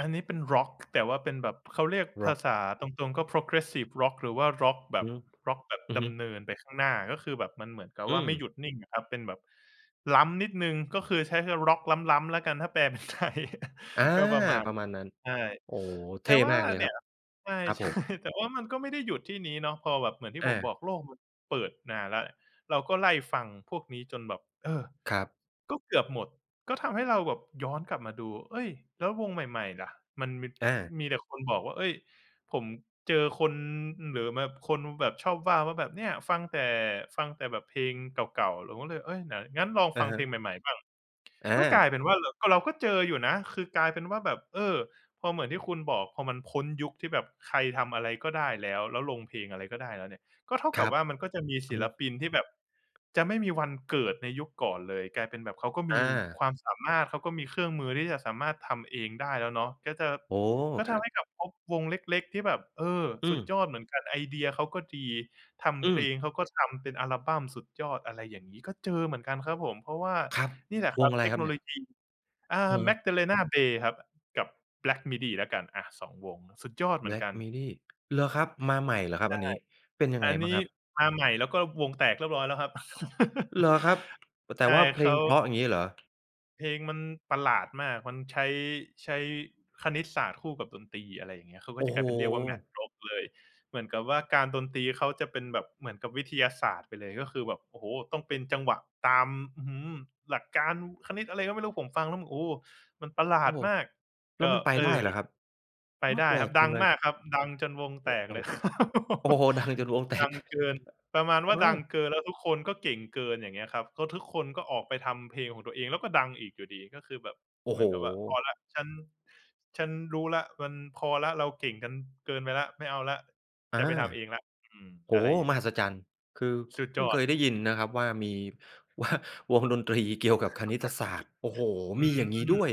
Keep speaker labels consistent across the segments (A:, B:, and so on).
A: อันนี้เป็นร็อก แต่ว่าเป็นแบบ เขาเรียก
B: ร
A: ภ
B: ็อ
A: า
B: ก
A: ษาตรง ๆ ก็ progressive ร็อก หรือว่าร็อกแบ
B: อือ
A: บ
B: ฮึ
A: ร็อกแบบ
B: อือ
A: ด
B: ฮึ
A: ำเนินไปข้างหน้า ก็คือแบบมันเหมือนกับ
B: อื
A: ว่าไม่
B: ม
A: หยุดนิ่งอะครับ เป็นแบบล้ำนิดหนึ่ง ก็คือใช้ เรียกร็อกล้ำ ๆ แล้วกัน ถ้าแปล เป็นไทย
B: อา
A: ก็ประมาณ
B: ประมาณนั้น
A: ใช่
B: โอ้โฮ! เท
A: แต
B: ่
A: ่ว่า
B: มากเลย
A: เน
B: ค
A: ี
B: ร
A: ่
B: ั
A: ย
B: บ
A: ใช่
B: ครับผม
A: ๆ แต่ว่ามันก็ไม่ได้หยุดที่นี้เนาะ พอแบบ เหมือนที่
B: อ
A: ผม
B: า
A: บอกโลกมันเปิดนานแล้ว เราก็ไล่ฟังพวกนี้จนแบบ เออ
B: ครับ
A: ก็เกือบหมด ก็ทำให้เราแบบย้อนกลับมาดู เอ๊ย! แล้ววงใหม่ ๆ ล่ะ มันมี
B: อา
A: มีแต่คนบอกว่า เอ๊ย ผมเจอคน หรือแบบคนแบบชอบว่าว่าแบบ "เนี่ย ฟังแต่ ฟังแต่แบบเพลงเก่า ๆ" เราก็เลย เอ๊ย ไหน งั้นลอง
B: อ
A: ฟ
B: า
A: ัง
B: ฮ
A: เพล
B: ะ
A: งใหม่ ๆ บ้าง
B: อ
A: ก็
B: า
A: กลายเป็นว่าเราก็ เราก็เจออยู่นะ คือกลายเป็นว่าแบบ เออ พอเหมือนที่คุณบอก พอมันพ้นยุคที่แบบใครทำอะไรก็ได้แล้ว แล้วลงเพลงอะไรก็ได้แล้วเนี่ย ก็เท่า
B: ค
A: กั
B: ร
A: บ
B: ับ
A: ว่ามันก็จะมี
B: อ
A: ศ
B: ือ
A: ิ
B: ฮ
A: ล
B: ึ
A: ปินที่แบบจะไม่มีวันเกิดในยุคก่อนเลย กลายเป็นแบบเขาก็ม
B: อ
A: ี
B: า
A: ความสามารถ เขาก็มีเครื่องมือที่จะสามารถทำเองได้แล้วเนาะ ก็จะ
B: โอ้
A: ก็
B: ค
A: ท
B: รั
A: ำใ
B: บ
A: ห้แบบพบวงเล็ก ๆ ที่แบบ เออ
B: อื
A: สุด
B: ม
A: ยอดเหมือนกัน ไอเดียเขาก็ดี ท
B: อ
A: ำเพล
B: ืม
A: งเขาก็ทำเป็นอัลบัมสุดยอด อะไรอย่างงี้ก็เจอเหมือนกันครับผม เพราะว่า
B: ครับ
A: นี่แหละค
B: ว
A: รั
B: ง
A: บ
B: อะไร
A: เท
B: ค
A: ค
B: รั
A: โ
B: บ
A: น
B: เน
A: โ
B: ี
A: ล
B: ่ย?
A: ยี เอ
B: อื
A: อ
B: อฮึ
A: Magdalena Bay ครับ กับ Black midi แล้วกัน อา 2 วง สุดยอดเหมือน
B: Black
A: กัน
B: midi เหรอครับ มาใหม่เหรอคร
A: ใ
B: ั
A: ช
B: บ
A: ่
B: อันนี้ เป็นยัง
A: อ
B: ไง
A: ัน
B: บ
A: น
B: ้า
A: ี้
B: งครับ?
A: มาใหม่ แล้วก็วงแตกเรียบร้อยแล้วครับ
B: เหรอครับ แต
A: ใ
B: ่
A: ช่
B: ว่าเพ
A: เ
B: ล
A: ข
B: ง
A: า
B: เพราะ อย่างงี้เหรอ?
A: เพลงมันประหลาดมาก มันใช้ ใช้คณิตศาสตร์คู่กับดนตรี อะไรอย่างเงี้ย เขาก
B: โ
A: ็
B: อ้
A: จะก
B: โ
A: ล
B: ฮ!
A: ายเป็นเรียกว่า Math Rock เลย เหมือนกับว่าการดนตรีเขาจะเป็นแบบเหมือนกับวิทยาศาสตร์ไปเลย ก็คือแบบ โอ้โฮ! ต้องเป็นจังหวะตาม อือฮึ หลักการคณิต อะไรก็ไม่รู้ ผมฟังแล้ว โอ้! มันประหล
B: โอ
A: า
B: ้
A: ด
B: โฮ!
A: มาก
B: แล้
A: ก
B: ว
A: ็
B: มันไป
A: เอ
B: ได้
A: อ
B: เหรอครับ?
A: ไ
B: อ
A: ป
B: า
A: ได้
B: แปล
A: ครับ
B: กจ
A: ด
B: ั
A: ั
B: ง
A: ง
B: เล
A: ม
B: ย
A: ากครับ ดังจนวง
B: โ
A: แ
B: อ
A: ต
B: ้
A: ก
B: โฮ
A: เลย ครับผ
B: โ
A: ม
B: อ้โฮ! ดังจนวงแต
A: ดั
B: ก
A: งเกิน ประมาณว
B: เ
A: ่า
B: อ
A: ดัง
B: อ
A: เกิน แล้วทุกคนก็เก่งเกิน อย่างเงี้ยครับ เพราะทุกคนก็ออกไปทำเพลงของตัวเอง แล้วก็ดังอีกอยู่ดี ก็คือแบบ
B: โอ้
A: เหม
B: โฮ!
A: ือนกับว่า "พอแล้ว ฉัน ฉันรู้แล้ว มันพอแล้ว เราเก่งกันเกินไปแล้ว ไม่เอาแล้ว
B: อา
A: จะไปทำเองแล้ว" อืม
B: โอ้
A: อะ
B: โ
A: ไ
B: ฮ!
A: รอย่า
B: ม
A: งง
B: หั
A: ี้
B: ศจรรย์ คือ
A: สุด
B: เพ
A: ย
B: ิ่ง
A: อ
B: เค
A: ด
B: ยได้ยินนะครับว่ามี ว่าวงดนตรีเกี่ยวกับคณิตศาสตร์ โอ้โฮ!
A: อื
B: มีอ
A: ม
B: ย่างงี้ด้วย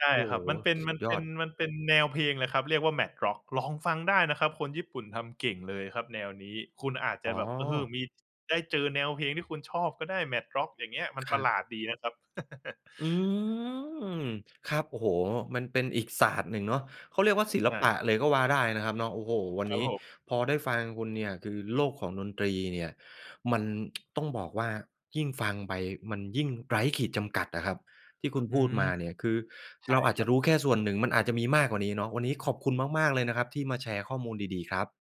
A: ใช่
B: โอ้
A: คร
B: โ
A: ับ ม
B: ฮ!
A: ันเป็น
B: ส
A: ม
B: ุ
A: ั
B: ด
A: น
B: ย
A: เป
B: อ
A: ็น
B: ด
A: มันเป็นแนวเพลงเลยครับ เรียกว่า Math Rock ลองฟังได้นะครับ คนญี่ปุ่นทำเก่งเลยครับแนวนี้ คุณอาจจ
B: อ๋
A: ะแบบ เออ
B: อ
A: มี ได้เจอแนวเพลงที่คุณชอบก็ได้ Math Rock อย่างเงี้ย มัน
B: ค
A: ป
B: ร
A: ร
B: ั
A: ะห
B: บ
A: ลาดดีนะครับ
B: อืม ครับ โอ้โฮ! มันเป็นอีกศาสตร์หนึ่งเนาะ เขาเรียกว่าศิ
A: ใ
B: ล
A: ช
B: ป
A: ่
B: ะเลยก็ว่าได้นะครับเนาะ โอ้โฮ วัน
A: ครั
B: น
A: บ
B: ี้
A: ผม
B: พอได้ฟังคุณเนี่ย คือโลกของดนตรีเนี่ยมัน ต้องบอกว่ายิ่งฟังไปมันยิ่งไร้ขีดจำกัดอะครับ ที่คุณ
A: อ
B: พ
A: ื
B: ูด
A: ม
B: มาเนี่ย คือ
A: ใช
B: เ
A: ่
B: ราอาจ
A: ค
B: จ
A: ร
B: ะ
A: ั
B: รู
A: บ
B: ้แค่ส่วนหนึ่ง มันอาจจะมีมากกว่านี้เนาะ วันนี้ขอบคุณมาก ๆ เลยนะครับที่มาแชร์ข้อมูลดี ๆ ครับ